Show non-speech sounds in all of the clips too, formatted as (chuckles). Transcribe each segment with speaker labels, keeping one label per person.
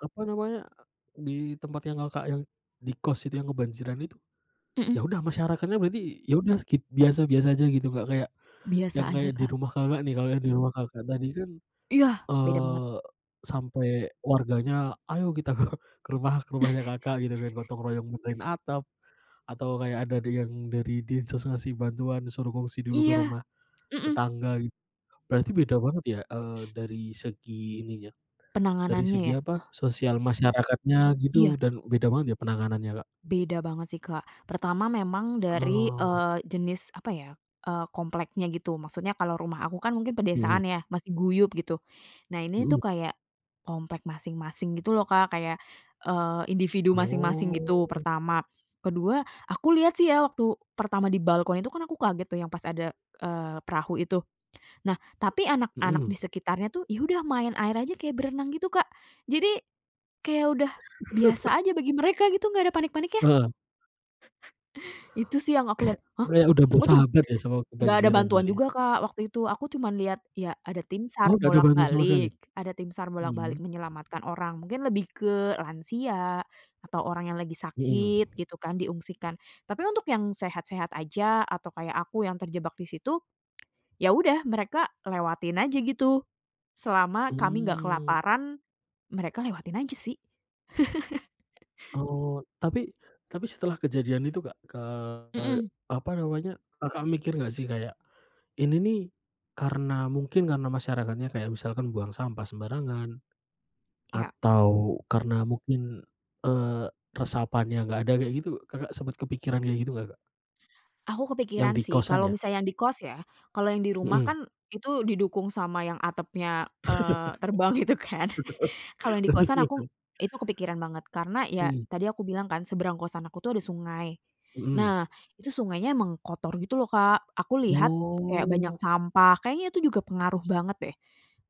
Speaker 1: Apa namanya, e di tempat yang Kakak yang di kos itu yang kebanjiran itu, ya
Speaker 2: Mhm.
Speaker 1: udah masyarakatnya berarti, ya udah skip biasa-biasa aja gitu, Kak, kayak,
Speaker 2: Biasa
Speaker 1: yang
Speaker 2: aja
Speaker 1: kayak di
Speaker 2: Kak.
Speaker 1: rumah Kakak nih. Kalau yang di rumah Kakak tadi kan,
Speaker 2: Iya, beda banget.
Speaker 1: eee, sampai warganya, ayo kita (chuckles) ke ke rumah, ke rumahnya
Speaker 2: (chuckles)
Speaker 1: Kakak gitu kan. Gotong royong benerin atap, atau kayak ada di yang dari Dinsos ngasih bantuan, suruh ngungsi dulu ke
Speaker 2: Iya,
Speaker 1: rumah
Speaker 2: mhm.
Speaker 1: tetangga, berarti beda banget ya, eee, dari segi ininya, dari
Speaker 2: Penanganannya
Speaker 1: segi
Speaker 2: ya?
Speaker 1: apa, sosial masyarakatnya gitu
Speaker 2: Iya
Speaker 1: dan beda banget ya penanganannya Kak?
Speaker 2: Beda banget sih Kak, pertama, memang dari,
Speaker 1: Oh.
Speaker 2: eee, jenis apa ya, eee, kompleknya gitu. Maksudnya kalau rumah aku kan mungkin
Speaker 1: Mhm.
Speaker 2: pedesaan ya, masih guyub gitu. Nah, ini
Speaker 1: Hmm.
Speaker 2: tuh kayak komplek masing-masing gitu loh Kak, kayak, eee, individu masing-masing,
Speaker 1: Oh.
Speaker 2: gitu pertama. Kedua aku lihat sih ya, waktu pertama di balkon itu kan aku kaget tuh yang pas ada, eee, perahu itu. Nah, tapi anak-anak
Speaker 1: Hmm.
Speaker 2: di sekitarnya tuh, ya udah main air aja, kayak berenang gitu Kak, jadi, kayak udah biasa
Speaker 1: (chuckles)
Speaker 2: aja bagi mereka gitu, gak ada panik-paniknya.
Speaker 1: Heeh.
Speaker 2: (chuckles) Itu sih yang aku
Speaker 1: Kayak
Speaker 2: lihat, hah,
Speaker 1: kayak udah
Speaker 2: watum
Speaker 1: bersahabat ya sama
Speaker 2: nggak ada
Speaker 1: kebanjiran
Speaker 2: bantuan
Speaker 1: kali ya.
Speaker 2: juga Kak, waktu itu. Aku cuman lihat, ya ada tim SAR
Speaker 1: Oh, gak ada bantuan sama sekali?
Speaker 2: bolak-balik ada tim SAR bolak-balik
Speaker 1: Mmm.
Speaker 2: menyelamatkan orang, mungkin lebih ke lansia atau orang yang lagi
Speaker 1: Hmm.
Speaker 2: sakit gitu kan, diungsikan. Tapi untuk yang sehat-sehat aja, atau kayak aku yang terjebak di situ, ya udah, mereka lewatin aja gitu, selama kami nggak
Speaker 1: Mmm.
Speaker 2: kelaparan, mereka lewatin aja sih. (chuckles)
Speaker 1: Oh, tapi tapi setelah kejadian itu Kak, ke
Speaker 2: Mhm.
Speaker 1: apa namanya, Kakak mikir gak sih, kayak, ini nih karena mungkin karena masyarakatnya kayak misalkan buang sampah sembarangan,
Speaker 2: Iya.
Speaker 1: atau karena mungkin, eee, resapannya gak ada, kayak gitu, Kakak sempet kepikiran kayak gitu gak Kak?
Speaker 2: Aku
Speaker 1: Yang
Speaker 2: kepikiran
Speaker 1: di
Speaker 2: sih,
Speaker 1: kosan
Speaker 2: kalau
Speaker 1: ya?
Speaker 2: misalnya yang di kos ya, kalau yang di rumah
Speaker 1: Hmm.
Speaker 2: kan itu didukung sama yang atapnya, eee, terbang itu kan. (chuckles) Kalau yang di kosan aku,
Speaker 1: (laughs)
Speaker 2: itu kepikiran banget, karena ya,
Speaker 1: Mmm.
Speaker 2: tadi aku bilang kan, seberang kosan aku tuh ada sungai.
Speaker 1: Mhm.
Speaker 2: Nah, itu sungainya emang kotor gitu lho Kak, aku lihat kayak banyak
Speaker 1: Oh.
Speaker 2: sampah, kayaknya itu juga pengaruh banget deh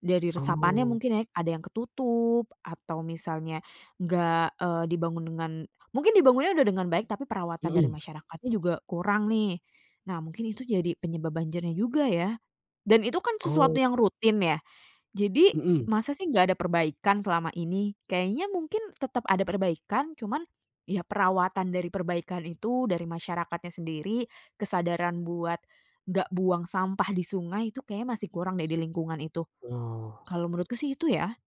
Speaker 2: dari resapannya
Speaker 1: Oh.
Speaker 2: mungkin ya. Ada yang ketutup atau misalnya enggak, eee, dibangun dengan mungkin dibangunnya udah dengan baik, tapi perawatan dari
Speaker 1: Hmm.
Speaker 2: masyarakatnya juga kurang nih. Nah, mungkin itu jadi penyebab banjirnya juga ya, dan itu kan sesuatu
Speaker 1: Oh.
Speaker 2: yang rutin ya. Jadi,
Speaker 1: Mhm.
Speaker 2: masa sih nggak ada perbaikan selama ini? Kayaknya mungkin tetep ada perbaikan, cuman, ya perawatan dari perbaikan itu, dari masyarakatnya sendiri, kesadaran buat nggak buang sampah di sungai, itu kayaknya masih kurang deh di lingkungan itu,
Speaker 1: Oh.
Speaker 2: kalau menurutku sih itu ya.